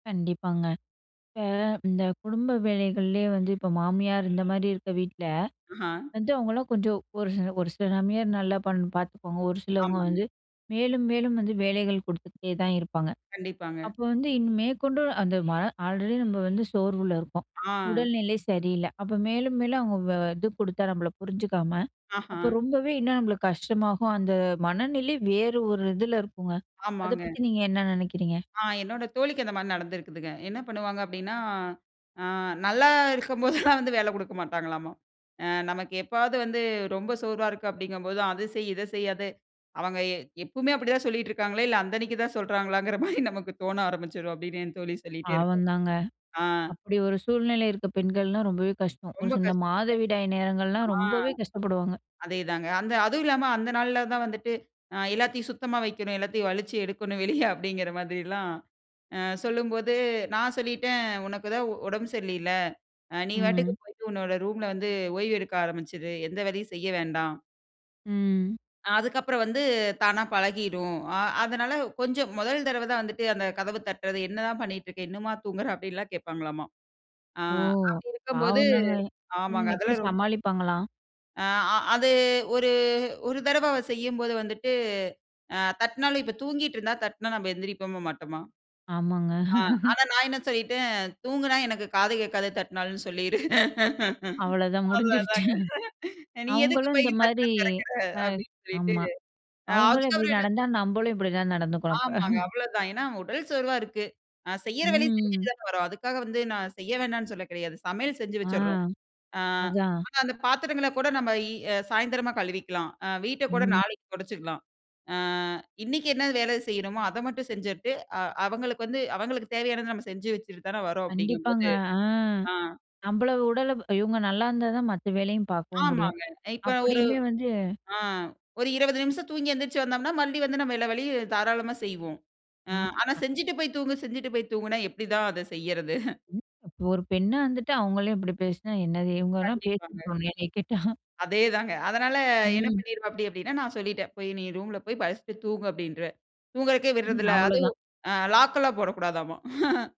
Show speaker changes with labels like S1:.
S1: கண்டிப்பாங்க. இப்ப இந்த குடும்ப வேலைகள்லயே வந்து இப்ப மாமியார் இந்தமாரி இருக்க வீட்ல
S2: ம்ஹா!
S1: வந்து அவுங்கள்லாம் கொஞ்சம் ஒரு சி ஒரு சில மாமியார் பண் நல்லா பார்த்துக்குவாங்க. ஒரு சிலவங்க
S2: ஆமாங்க.
S1: வந்து மேலும், மேலும் வந்து வேலைகள் கொடுத்துகிட்டே தான் இருப்பாங்க.
S2: கண்டிப்பாங்க.
S1: அப்போ வந்து இனி மேற்கொண்டு அந்த ம ஆல்ரெடி நம்ம வந்து சோர்வுல இருக்கோம்.
S2: ஆ
S1: உடல்நிலை சரியில்ல. அப்ப மேலும் மேலும் அவுங்க இது கொடுத்தா நம்மள புரிஞ்சுக்காம,
S2: ஆஹா!
S1: அப்போ ரொம்பவே இன்னும் நம்மளுக்கு கஷ்டமாகும். அந்த மனநிலை வேறு ஒரு இதில இருக்குங்க. அத
S2: ஆமாங்க.
S1: பத்தி நீங்க என்ன நினைக்கிறீங்க?
S2: ஆ என்னோட தோழிக்கு அந்தமாரி நடந்திருக்குதுங்க. என்ன பண்ணுவாங்க அப்பிடின்னா ஆ, நல்லா இருக்கும்போதெல்லாம் வந்து வேல குடுக்க மாட்டாங்களாமா! ஆ நமக்கு எப்பாவாது வந்து ரொம்ப சோர்வா இருக்கு அப்பிடிங்கம்போதான், அத செய்! இத செய்! அத அவங்க எ எப்பமே அப்பிடிதான் சொல்லிட்டு இருக்காங்களா! இல்ல அந்தன்னிக்கு தான் சொல்றாங்களாங்கிறமாரி நமக்கு தோண ஆரம்பிச்சிரும் அப்பிடின்னு என் தோழி சொல்லிட்டே இருப்பா!
S1: பாவந்தாங்க.
S2: ஆ.
S1: அப்பிடி ஒரு சூழ்நிலை இருக்கிற பெண்கள்லாம் ரொம்பவே கஷ்டம். ஒரு
S2: ரொம்ப
S1: [unintelligible]
S2: கஷ்டங்க.
S1: மாதவிடாய் நேரங்கள்லாம்
S2: ஆ,
S1: ரொம்பவே கஷ்டப்படுவாங்க.
S2: அதே தாங்க. அதுவும் இல்லாம அந்த நாள்ல தான் வந்துட்டு ஆ எல்லாத்தையும் சுத்தமா வைக்கணும். எல்லாத்தையும் வளிச்சு எடுக்கணும். வெளிய அப்பிடிங்கிற மாதிரிலாம் அ சொல்லும்போது, நான் சொல்லிட்டேன் உனக்கு தான் உடம்பு சரியில்லையில. அ நீ பாட்டுக்கு
S1: ம்.
S2: போயிட்டு உன்னோட ரூம்ல வந்து ஓய்வு எடுக்க ஆரம்பிச்சிரு! எந்த வேலையும் செய்ய வேண்டாம்.
S1: ம்.
S2: அதுக்கப்புறம் வந்து தானா பழகிடும். அ அதனால கொஞ்சம் முதல் தடவ தான் வந்துட்டு அந்த கதவ தட்டுறது என்னதான் பண்ணிட்டு இருக்க! இன்னுமா தூங்குற! அப்பிடில்லாம் கேட்பாங்களாமா! ஆ,
S1: ஓ!
S2: அப்பிடி இருக்கும் போது
S1: பாவந்தாங்க. ம்
S2: ஆமாங்க
S1: எப்பிடி
S2: அதெல்லாம் ரொம்ப [unintelligible]
S1: சமாளிப்பாங்களாம்!
S2: ஆ, அ அது ஒரு ஒரு தடவ அவ செய்யும்போது வந்துட்டு, அ தட்டுனாலும் இப்ப தூங்கிக்கிட்டு இருந்தா தட்னா நம்ம எழுந்திருப்போமா! மாட்டோமா!
S1: ஆமாங்க.
S2: ஆ, அனா நான் என்ன சொல்லிட்டேன், தூங்கினா எனக்கு காது கேட்காத தட்னாலும் சொல்லிரு.
S1: அவ்வளதான் முடிஞ்சிருச்சு
S2: அவ்ளதாங்க. அ நீ எதுக்குப்
S1: அவுங்களும்
S2: போய்
S1: இந்தமாரி
S2: கதவ திறக்குற!
S1: ஆ,
S2: அப்பிடின்னு சொல்லிட்டு,
S1: ஆமா.
S2: அ
S1: அவுங்களும் இப்பிடி
S2: அதுக்கப்பறம் என்ன [unintelligible]
S1: நடந்தா நம்மளும் இப்பிடிதான் நடந்துக்கணும் அப்ப
S2: ஆமாங்க. அவ்ளோதான். ஏனா உடல் சோர்வா இருக்கு நான் செய்யுற
S1: ம்
S2: வேலைய
S1: ம்.
S2: செஞ்சிட்டுதானவரோம். அதுக்காகவந்து நான் செய்யவேணான்னு சொல்ல கெடயாது, சமயல் செஞ்சி
S1: ஆ,
S2: வச்சிற்ரோம் அ
S1: அதான்.
S2: ஆனா, அந்த பத்தரங்கள கூட நம்ம இ சயந்தரமா கழுவிக்கலாம் அ வீட்ட கூட
S1: ம்.
S2: நாளைக்கி தொடச்சுக்கலாம். ஆ இன்னிக்கி என்ன வேலை செய்யணுமோ! அத மட்டும் செஞ்சுட்டு, அ அவுங்களுக்கு வந்து அவுங்குளுக்கு தேவையானத நம்ம செஞ்சு வச்சிட்டு தான வர்றோம்
S1: கண்டிப்பாங்க.
S2: அப்பிடிங்கம்போது,
S1: ஆ.
S2: ஆ,
S1: நம்மள உடல இவுங்க நல்லாயிருந்தா தான் மத்த வேலையும் பார்க்கவும் முடியும்.
S2: ஆமாங்க. அ இப்ப நான் ஒரு
S1: அப்புடியுமே வந்து
S2: ஆ ஒரு 20 நிமிஷம் தூங்கி எந்திருச்சு வந்தோம்ன்னா, மறுபடியும் வந்து நம்ம எல்லா வேலையும் தாராளமா செய்வோம். ஆ
S1: ஆ
S2: ஆனா
S1: [unintelligible]
S2: செஞ்சிட்டு போய் தூங்கு செஞ்சிட்டு போய் தூங்குன்னா, எப்பிடிதான் அத செய்யுறது?
S1: ஒரு பெண்ண வந்துட்டு அவுங்களே இப்பிடி பேசினா என்னது? இவுங்கலாம் பேசி
S2: கண்டிப்பாங்க.
S1: [unintelligible] என்னைய கேட்டா
S2: அதே தாங்க. அதனால என்ன
S1: ம்.
S2: பண்ணிருவாப்பிடி, அப்பிடின்னா, நான் சொல்லிட்டேன். போய் நீ ரூம்ல போய் படுத்து தூங்கு அப்பிடின்ற தூங்குறக்கே
S1: ம்.
S2: விட்றதில்ல.
S1: அவ்ளோதான்.
S2: அதுவும் ஆ லாக் எல்லாம் போடக்கூடாதாமா!